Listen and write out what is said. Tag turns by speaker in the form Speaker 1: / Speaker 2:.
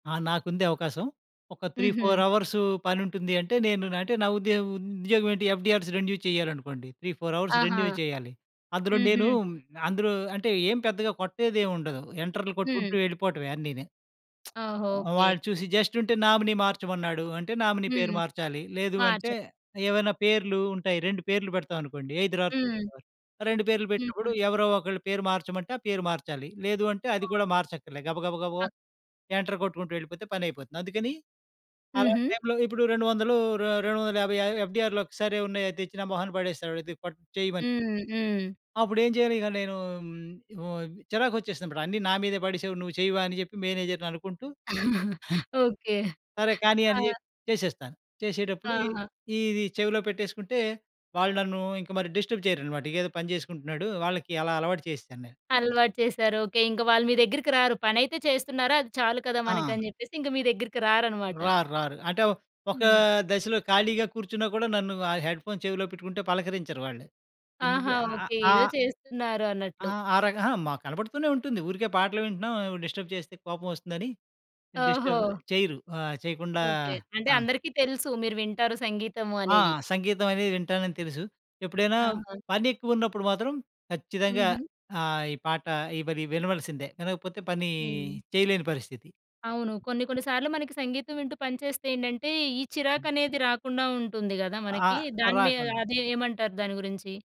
Speaker 1: ఆ! నాకుంది అవకాశం. ఒక 3, 4
Speaker 2: హుహు.
Speaker 1: అవర్సు పనుంటుంది అంటే, నేను అంటే నా ఉద్యో ఉద్యోగం ఏంటి? ఎఫ్‌డి‌ఆర్‌స్ రెన్యూ చేయాలనుకోండి. 3, 4 అవర్స్
Speaker 2: ఆహా!
Speaker 1: రెన్యూ చేయాలి. అందులో నేను
Speaker 2: హుహు.
Speaker 1: హ్మ్, అందులో అంటే ఏం పెద్దగా కొట్టేదేముండదు. ఎంటర్లు
Speaker 2: హ్మ్.
Speaker 1: కొట్టుకుంటూ వెళ్ళిపోవటమే అన్నీని.
Speaker 2: ఓహో! ఓకే.
Speaker 1: వాడు చూసి జస్ట్ ఉంటే నామినీ మార్చమన్నాడు. అంటే నామినీ పేరు
Speaker 2: హ్మ్.
Speaker 1: మార్చాలి. లేదు
Speaker 2: మార్చ
Speaker 1: అంటే ఏవైనా పేర్లు ఉంటాయి. 2 పేర్లు పెడతామనుకోండి. ఐదర్ ఆర్క్
Speaker 2: హ్మ్.
Speaker 1: 2 పేర్లు పెట్టినప్పుడు
Speaker 2: హుహు.
Speaker 1: ఎవరో ఒకళ్ళ పేరు మార్చమంటే ఆ పేరు మార్చాలి. లేదు అంటే అది కూడా
Speaker 2: ఓకే.
Speaker 1: మార్చక్కర్లే. గబగబగబా ఎంటర్ కొట్టుకుంటూ వెళ్ళిపోతే పని అయిపోతుంది. అందుకని అలాంటి
Speaker 2: హుహు.
Speaker 1: టైమ్‌లో ఇప్పుడు 200 రే రెండు వందల యాబై య ఎఫ్‌డి‌ఆర్‌‌లు ఒక్కసారె ఉన్నాయి. అవి తెచ్చి నా మొహాన పడేస్తాడు ఇది పట్ చేయమని.
Speaker 2: హ్మ్. హ్మ్.
Speaker 1: అప్పుడేం చేయను ఇక నేను హ్మ్. ఉ చిరాకు వచ్చేసిందన్నమాట. అన్ని నా మీదే పడేసావు నువ్వు చెయ్యవా? అని జెప్పి మేనేజర్‌ని అనుకుంటూ.
Speaker 2: ఓకే.
Speaker 1: సరే కానీ అని
Speaker 2: ఆ!
Speaker 1: జెప్పి చేసేస్తాను. చేసేటప్పుడు
Speaker 2: ఆహా!
Speaker 1: ఈ ఇది చెవిలో పెట్టేసుకుంటే వాళ్ళు నన్ను ఇంక మరి డిస్టర్బ్ చేయరనమాట. ఇకేదో పని చేసుకుంటున్నాడు వాళ్ళకి అలా అలవాటు చేసేశాను నేను.
Speaker 2: అలవాటు చేసారు. ఓకే. ఇంకా వాళ్ళు మీ దెగ్గరికిరారు. పనైతే చేస్తున్నారు. అది చాలు కదా!
Speaker 1: ఆ!
Speaker 2: మనక‌ని జెప్పేసి ఇంక మీ దెగ్గరికి రారనమాట.
Speaker 1: రారు రారు. అంటే ఒ ఒక
Speaker 2: హ్మ్.
Speaker 1: దశలో ఖాళీగా కూర్చున్నా కూడా నన్ను ఆ హెడ్‌ఫోన్ చెవిలో పెట్టుకుంటే పలకరించరు వాళ్ళు. ఎందుకు
Speaker 2: ఆహా!
Speaker 1: అ
Speaker 2: ఓకే.
Speaker 1: ఆ!
Speaker 2: ఏదో చేస్తున్నారు
Speaker 1: ఆ!
Speaker 2: అన్నట్లు.
Speaker 1: ఆ రకం అహా! మా కనపడుతూనే ఉంటుంది. ఊరికే పాటలు వింటున్నాం డిస్టర్బ్ చేస్తే కోపమోస్తుందని.
Speaker 2: ఓహో!
Speaker 1: డిస్టర్బ్ చేయరు. ఆ! చేయకుండా
Speaker 2: ఓకే. అంటే
Speaker 1: ఆ!
Speaker 2: అందరికీ తెలుసు. మీరు వింటారు సంగీతము
Speaker 1: ఆ!
Speaker 2: అనేది.
Speaker 1: సంగీతం అది వింటానని తెలుసు. ఎప్పుడైనా
Speaker 2: ఆహా!
Speaker 1: పనెక్కువ ఉన్నప్పుడు మాత్రం ఖచ్చితంగా
Speaker 2: హుహు.
Speaker 1: ఆహ్, ఈ పాట ఈ మరి వినవలసిందే. వినకపోతే పని
Speaker 2: హ్మ్.
Speaker 1: చేయలేని పరిస్థితి.
Speaker 2: అవును. కొన్నికొన్ని సార్లు మనకి సంగీతం వింటూ పనిచేస్తే ఏంటంటే, ఈ చిరాకు అనేది రాకుండా ఉంటుంది గదా! మనకి.
Speaker 1: ఆహ్,
Speaker 2: దాని మీద
Speaker 1: రాకుండా.
Speaker 2: అదేమంటారు దాని గురించి?